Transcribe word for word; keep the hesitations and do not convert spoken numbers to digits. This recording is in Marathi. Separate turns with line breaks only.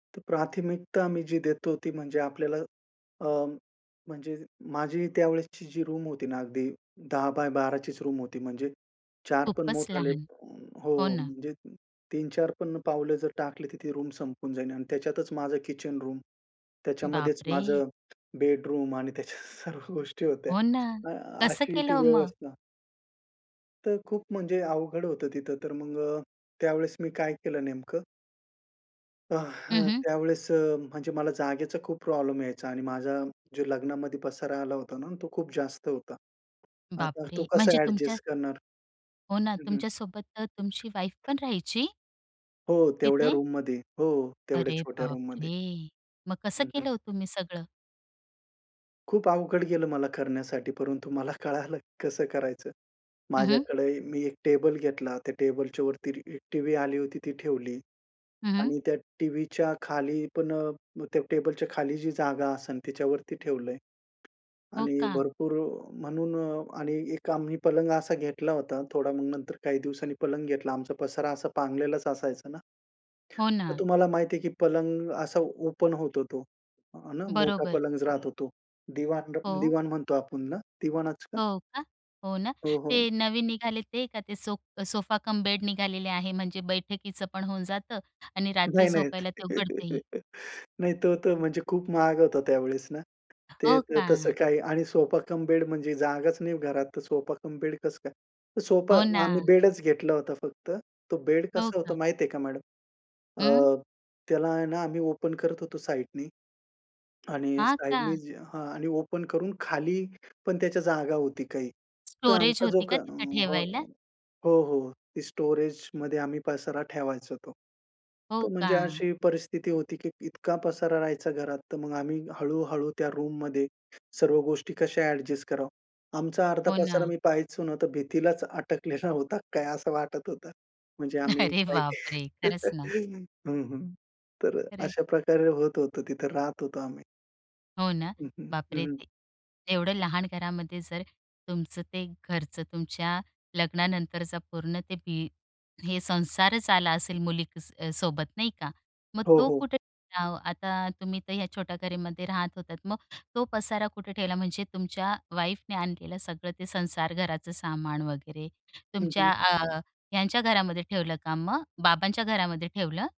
तर प्राथमिकता मी जी देतो ती म्हणजे आपल्याला अ, म्हणजे माझी त्यावेळेसची जी रूम होती ना, अगदी दहा बाय बारा चीच रूम होती. म्हणजे चार पण
खूपच
मोठाले
लहान. हो
हो.
ना.
म्हणजे तीन चार पण पावले जर टाकले, तर ती रूम संपून जाईल आणि त्याच्यातच माझं किचन रूम, त्याच्यामध्येच
बापरे!
माझं बेडरूम आणि त्याच्यात सर्व गोष्टी होत्या,
हो ना.
अ
कसं
अशी
केलं
ती
हो मग?
व्यवस्था. तर खूप म्हणजे अवघड होतं तिथं, तर मग अ, त्यावेळेस मी काय केलं नेमकं. अ,
हं,
हं,
हं.
त्यावेळेस अ, म्हणजे मला जागेचा खूप प्रॉब्लेम यायचा आणि माझा जो लग्नामध्ये पसारा आला होता ना, तो खूप जास्त होता. आता तो
बापरे!
कसा
म्हणजे तुमच्या
अ‍ॅडजस्ट करणार.
हो ना,
हं, हं.
तुमच्या सोबत तर तुमची वाईफ पण राहायची?
हो, तेवढ्या
तिथे?
रूममध्ये. हो, तेवढ्या
अरे
छोट्या रूममध्ये.
बापरे! मग कसं
हं, हं.
केलं हो तुम्ही सगळं?
खूप अवघड गेलं मला करण्यासाठी, परंतु मला कळालं कसं करायचं.
हं, हं.
माझ्याकडे ए मी एक टेबल घेतला. त्या टेबलच्यावरती रि टीव्ही आली होती ती ठेवली.
हं, हं.
आणि त्या टीव्हीच्या खाली पण अ, त्या टेबलच्या खाली जी जागा असेल त्याच्यावरती ठेवलंय.
हो
आणि
का?
भरपूर अ, म्हणून आणि एक आम्ही पलंग असा घेतला होता, थोडा मग नंतर काही दिवसांनी पलंग घेतला. आमचा पसारा असा पांगलेलाच असायचा ना.
हो
तर
ना.
तुम्हाला माहिती आहे की पलंग असा ओपन होतो तो, आहे ना. मोठा
बरोबर.
पलंगच राहतो तो. दिवाण [unintelligible]
हो.
दिवाण म्हणतो आपण ना दिवाणाच का?
हो का. हो ना.
हो, हो.
ते नवीन निघाले ते का ते सो सोफा कम बेड निघालेले आहे, म्हणजे बैठकीचं पण होऊन जातं आणि रात्री
नाही नाही.
झोपायला ते उघडतही.
नाही, तो तर म्हणजे खूप महाग होत त्यावेळेस ना. ते
हो
तसं
का?
काही आणि सोफा कम बेड म्हणजे जागाच नाही घरात तर सोफा कम बेड कसं काय, तर सोफा
हो
आम्ही
ना.
बेडच घेतलं होतं फक्त. तो बेड
हो
कसं होत
का?
माहिती आहे का मॅडम,
हं.
अ, त्याला आहे ना आम्ही ओपन करत होतो साइडनी आणि
हां
साइडनी
का?
जी हां आणि ओपन करून खाली पण त्याच्या जागा होती काही. तर
स्टोरेज
आमचा जो
होती
क
का
अ
तिथे
हो.
ठेवायला?
हो, हो. ती स्टोरेजमध्ये आम्ही पसारा ठेवायचो तो.
हो
तर म्हणजे
का?
अशी परिस्थिती होती की इतका पसारा राहायचा घरात, तर मग आम्ही हळू, हळू त्या रूममध्ये सर्व गोष्टी कशा अ‍ॅडजस्ट करावं. आमचा अर्धा
हो
पसारा
ना.
मी पाहायचो न, तर भिंतीलाच अटकलेला होता काय असं वाटत होतं. म्हणजे आम्ही
अरे
काही
बापरे! खरंच ना.
हं, हं. तर अ,
खरयं.
अशा प्रकारे होत होतं तिथं राहत होतो आम्ही.
हो ना,
हं, हं. हं,
बापरे!
हं.
ते एवढं लहान घरामध्ये जर तुमचं ते घरचं तुमच्या लग्नानंतरचा पूर्ण ते भी हे संसारच आला असेल मुली क सोबत नाही का. मग
हो,
तो
हो.
कुठे आता, तुम्ही तर ह्या छोट्या घरामध्ये राहत होतात. मग तो पसारा कुठे ठेवला, म्हणजे तुमच्या वाईफने आणलेलं सगळं ते संसार घराचं सामान वगैरे,
हं,
तुमच्या
हं.
आ, ह्यांच्या घरामध्ये ठेवलं, का मग बाबांच्या घरामध्ये ठेवलं?